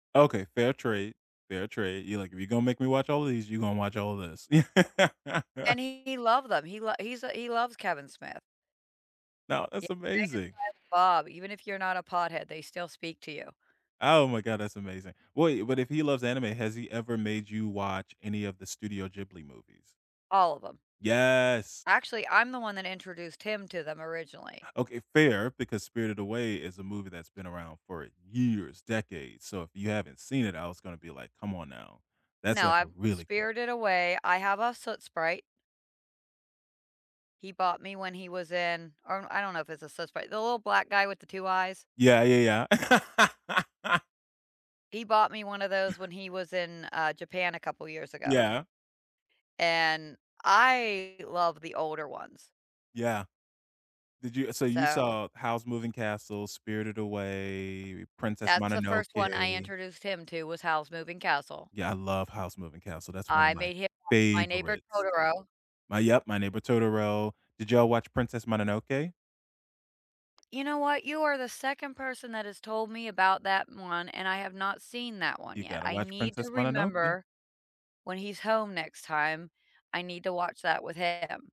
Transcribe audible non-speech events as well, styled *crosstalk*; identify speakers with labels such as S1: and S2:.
S1: Okay, fair trade, fair trade. You're like, "If you're gonna make me watch all of these, you're gonna watch all of this." *laughs*
S2: And he love them, he lo he's a he loves Kevin Smith.
S1: No,
S2: Yeah,
S1: that's
S2: Jay and
S1: amazing.
S2: Silent Bob. Even if you're not a pothead, they still speak to you.
S1: Oh my god, that's amazing. Wait, but if he loves anime, has he ever made you watch any of the Studio Ghibli movies?
S2: All of 'em.
S1: Yes.
S2: Actually, I'm the one that introduced him to them originally.
S1: Okay, fair, because Spirited Away is a movie that's been around for years, decades. So if you haven't seen it, I was gonna be like, "Come on now." That's
S2: No,
S1: like a
S2: I've
S1: really good
S2: Spirited Away. I have a Soot Sprite He bought me when he was in or I don't know if it's a Soot Sprite. The little black guy with the 2 eyes.
S1: Yeah, yeah, yeah. *laughs*
S2: He bought me one of those when he was in, uh, Japan a couple years ago
S1: Yeah.
S2: and I love the older ones.
S1: Yeah. Did you Uh, so you
S2: So
S1: saw Howl's Moving Castle, Spirited Away, Princess
S2: That's the 1st one I
S1: Mononoke.
S2: introduced him to, was Howl's Moving Castle.
S1: Yeah, I love Howl's Moving Castle. That's one of
S2: I
S1: my
S2: made him watch My Neighbor
S1: favorites.
S2: Totoro.
S1: My Yep, My Neighbor Totoro. Did y'all watch Princess Mononoke?
S2: You know what? You are the 2nd person that has told me about that one, and I have not seen that one
S1: You
S2: yet.
S1: gotta
S2: I
S1: watch
S2: need
S1: Princess
S2: to
S1: Mononoke.
S2: remember when he's home next time. I need to watch that with him.